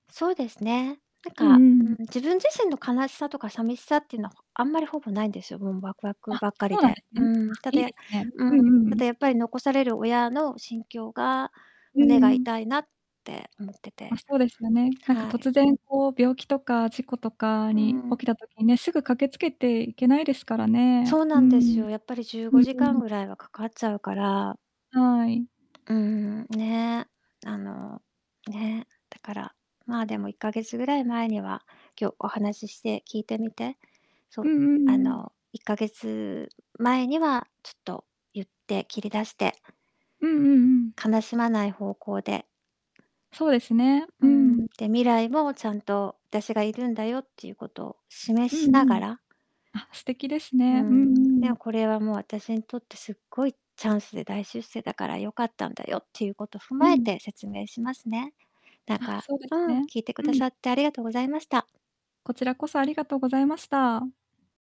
そうですね。なんうか、んううん。ん、自分自身の悲しさとかさみしさってのは、ほあんまり、ほぼないんですよ、もん、ワクワクあ、ばっかりそうなんで。ですね。うーん、あ、たいだ、いやですね。ううん、んうんうたん。だやっぱり残される親の心境が、う胸んうがん。痛いなって思ってま、て。そうですよね。なんか、はい。突然こう、病気とか事故とかうんに、う起ん。きた時ね、すぐ駆けつけていけないですからね、そううーなんですん。よ。やっぱりじゅううごんじうかんん。ぐらいはかかっちゃうから。はい。うーん、ね、あの、ね、だから、まあ、でも、1ヶ月ぐらい前には、今日、お話しして聞いてみて、そうう、んうんあうん。の、1ヶ月前にはちょっと言って、切り出してうんうんうん。悲しまない方向でそうですね。ううーん、ん。で、未来も、ちゃんと、だしがいるんだよっていうことを示うんうしながん。らあ、素敵ですうーね。うんん、ね、うん。これはもう、私にとってすっごいチャンスで大出世だから、良かったんだよっていうこと踏うまえん。て説明しますね。だあ、かそうでうすん、ね。聞いてくうだん。さってありがとうございました。こちらこそありがとうございました。